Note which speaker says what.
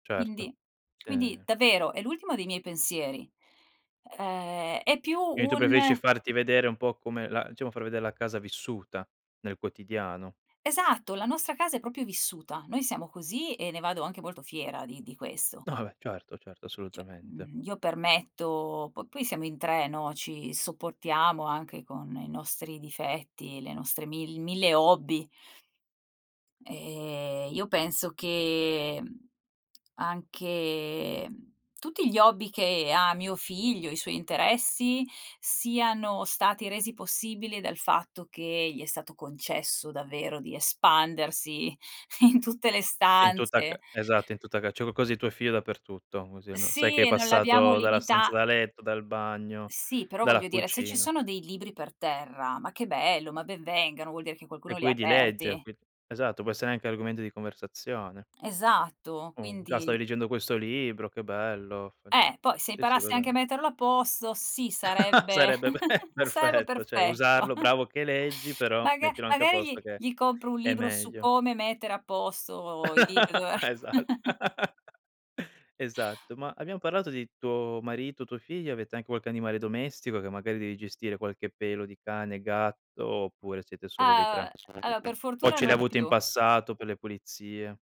Speaker 1: Certo,
Speaker 2: Quindi quindi
Speaker 1: sì.
Speaker 2: davvero è l'ultimo dei miei pensieri. Ehm, è più
Speaker 1: Quindi tu preferisci
Speaker 2: un
Speaker 1: farti vedere un po' come la diciamo far vedere la casa vissuta, nel quotidiano?
Speaker 2: Esatto, la nostra casa è proprio vissuta. Noi siamo così e ne vado anche molto fiera di di questo.
Speaker 1: No va beh, certo, certo
Speaker 2: Cioè,
Speaker 1: assolutamente.
Speaker 2: mhmm, io permetto po poi siamo in 3, no, ci sopportiamo anche con i nostri difetti, le nostre mil mille hobby. Ehm, io penso che, mhmm, anche tutti gli hobby che ha mio figlio, i suoi interessi siano stati resi possibili dal fatto che gli è stato concesso davvero di espandersi in tutte le
Speaker 1: In tutta
Speaker 2: stanze.
Speaker 1: ca esatto in tutta ca c'è qualcosa di tuo figlio dappertutto, così almen sai
Speaker 2: Sì
Speaker 1: che è
Speaker 2: e non l'abbiamo
Speaker 1: passato dalla stanza
Speaker 2: limita
Speaker 1: da letto, dal bagno,
Speaker 2: Sì, però voglio
Speaker 1: dalla
Speaker 2: dire se ci
Speaker 1: cucina.
Speaker 2: sono dei libri per terra- ma che bello, ma ben vengano- vuol dire che qualcuno
Speaker 1: E
Speaker 2: li ha
Speaker 1: quindi legge
Speaker 2: aperti.
Speaker 1: qui esatto, può essere anche argomento di conversazione.
Speaker 2: Esatto,
Speaker 1: Uhm, già
Speaker 2: quindi
Speaker 1: stavi leggendo questo libro, che bello [unintelligible]
Speaker 2: Eh, poi se
Speaker 1: sì, sì
Speaker 2: imparasse anche a
Speaker 1: [unintelligible]
Speaker 2: metterlo a posto sì, sarebbe
Speaker 1: Sarebbe be
Speaker 2: sarebbe
Speaker 1: perfetto, cioè
Speaker 2: perfetto.
Speaker 1: usarlo: "Bravo che leggi, però
Speaker 2: Maga
Speaker 1: mettilo anche a
Speaker 2: magari gli
Speaker 1: posto che
Speaker 2: gli compro un
Speaker 1: è
Speaker 2: libro su
Speaker 1: meglio."
Speaker 2: come mettere a posto i libr dove eh
Speaker 1: Esatt esatto. Ma abbiamo parlato di tuo marito, tuo figlio, avete anche qualche animale domestico che magari devi gestire qualche pelo di cane, gatto oppure siete solo voi 3?
Speaker 2: Ah, uhm, allo per
Speaker 1: [unintelligible] O
Speaker 2: fortuna
Speaker 1: ce li hai
Speaker 2: non
Speaker 1: avuti in
Speaker 2: più.
Speaker 1: passato per le pulizie?